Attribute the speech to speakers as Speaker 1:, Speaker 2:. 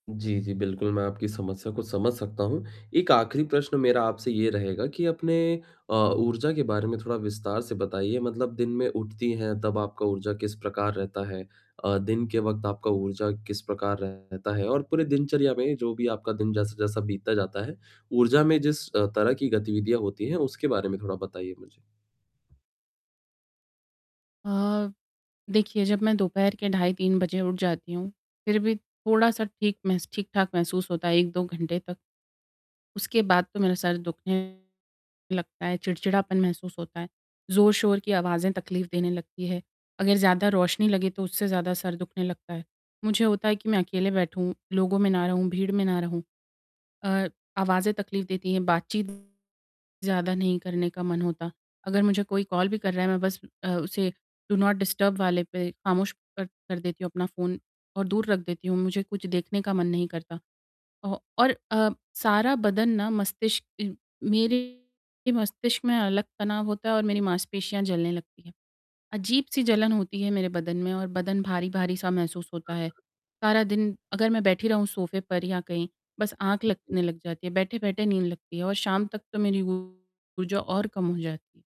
Speaker 1: जी, जी बिल्कुल मैं आपकी समस्या को समझ सकता हूँ, एक आख़िरी प्रश्न मेरा आपसे ये रहेगा कि अपने अ, ऊर्जा के बारे में थोड़ा विस्तार से बताइए। मतलब दिन में उठती हैं, तब आपका ऊर्जा किस प्रकार रहता है? अ, दिन के वक़्त आपका ऊर्जा किस प्रकार रहता है और पूरे दिनचर्या में जो भी आपका दिन जैसा-जैसा बीतता जाता है, ऊर्जा में जिस अ, तरह की गतिविधियाँ होती हैं उसके बारे में थोड़ा बताइए मुझे।
Speaker 2: अ, देखिए जब मैं दोपहर के ढाई 3 बजे उठ जाती हूँ, फ़िर भी थोड़ा-सा ठीक महस ठीक-ठाक महसूस होता है, 1-2 घंटे तक। उसके बाद तो मेरा सर दुखने लगता है, चिड़चिड़ापन महसूस होता है। ज़ोर-शोर की आवाज़ें तकलीफ़ देने लगती हैं, अगर ज़्यादा रोशनी लगे तो उससे ज़्यादा सर दुखने लगता है, मुझे होता है कि मैं अकेले बैठूँ, लोगों में ना रहूँ, भीड़ में ना रहूँ। अ, आवाज़ें तकलीफ़ देती हैं, बातचीत ज़्यादा नहीं करने का मन होता, अगर मुझे कोई कॉल भी कर रहा है, मैं बस अ, उसे डू नॉट डिस्टर्ब वाले पे ख़ामोश कर कर देती हूँ अपना फ़ोन और दूर रख देती हूँ। मुझे कुछ देखने का मन नहीं करता औ और अ, सारा बदन ना मस्तिष्क मेरे मस्तिष्क में अलग तनाव होता है और मेरी मांसपेशियाँ जलने लगती हैं, अजीब-सी जलन होती है मेरे बदन में और बदन भारी-भारी-सा महसूस होता है, सारा दिन अगर मैं बैठी रहूँ सोफ़े पर या कहीं बस आँख लगने लग जाती है। बैठे-बैठे नींद लगती है और शाम तक तो मेरी ऊर्जा और कम हो जाती।